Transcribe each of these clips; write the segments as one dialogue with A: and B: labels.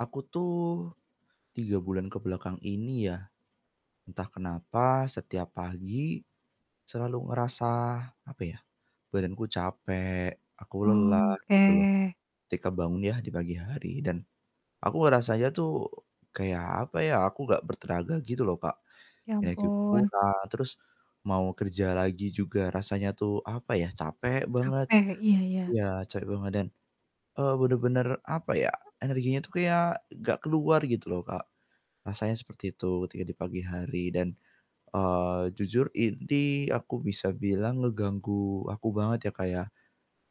A: Aku tuh 3 bulan ke belakang ini yah, entah kenapa setiap pagi, selalu ngerasa apa yah, badanku capek, aku lelah gitu loh,
B: Oke.
A: ketika bangun yah di pagi hari dan aku ngerasanya tuh kayak apa ya, aku nggak bertenaga gitu loh, Kak.
B: Ya
A: Energi
B: ampun.
A: kurang, terus mau kerja lagi juga rasanya tuh, apa yah, capek banget
B: Capek, iya iya.
A: iya, capek banget dan, eee, bener-bener apa ya, energinya tuh kayak nggak keluar gitu loh, Kak. Rasanya seperti itu ketika di pagi hari dan, eee, jujur ini aku bisa bilang ngeganggu aku banget ya, Kak, ya.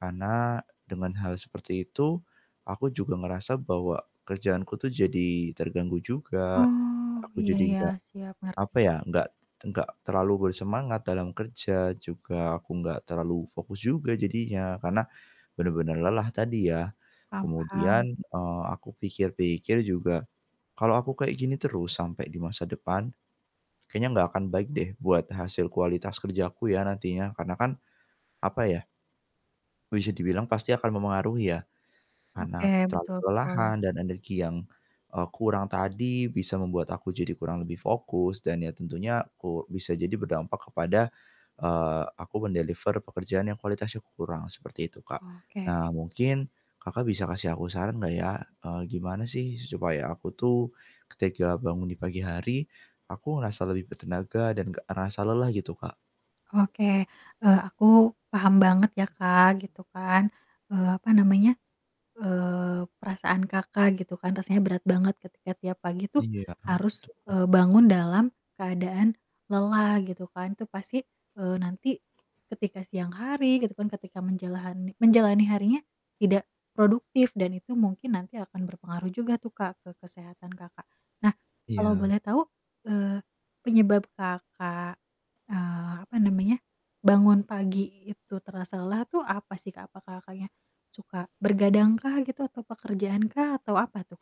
A: Karena dengan hal seperti itu, aku juga ngerasa bahwa kerjaanku tuh jadi terganggu juga,
B: Oh,
A: aku
B: iya
A: jadi
B: iya.
A: nggak
B: Siap ngerti.
A: apa ya, nggak nggak terlalu bersemangat dalam kerja, juga aku nggak terlalu fokus juga jadinya, karena bener-bener lelah tadi ya.
B: Paham
A: Kemudian,
B: paham.
A: eee, aku pikir-pikir juga kalau aku kayak gini terus sampai di masa depan, kayaknya nggak akan baik deh buat hasil kualitas kerjaku ya, nantinya. Karena kan apa ya bisa dibilang pasti akan mempengaruhi ya.
B: Oke,
A: Karena terlalu
B: betul-betul.
A: kelelahan dan energi yang, eee, kurang tadi bisa membuat aku jadi kurang lebih fokus dan ya tentunya u bisa jadi berdampak kepada, eee, aku men-deliver pekerjaan yang kualitasnya kurang, seperti itu, Kak.
B: Oke.
A: Nah, mungkin, Kakak, bisa kasih aku saran nggak ya, eee, gimana sih su supaya aku tuh, ketika bangun di pagi hari aku ngerasa lebih bertenaga dan nggak ngerasa lelah gitu, Kak?
B: Oke, eee, aku paham banget ya, Kak, gitu kan, eee, apa namanya, eee, perasaan Kakak, gitu kan, rasanya berat banget ketika tiap pagi tuh
A: Iya,
B: harus,
A: Betul.
B: eee, bangun dalam keadaan lelah, gitu kan, itu pasti, eee, nanti ketika siang hari gitu kan ketika menjalahani menjalani harinya tidak produktif dan itu mungkin nanti akan berpengaruh juga tuh, Kak, ke kesehatan Kakak. Nah, kalau
A: Iya.
B: boleh tahu, eee, penyebab Kakak, eee, apa namanya, bangun pagi itu terasa lelah tuh apa sih, Kak? Apa, Kakaknya, suka bergadang kah gitu atau pekerjaan kah atau apa tuh, Kak?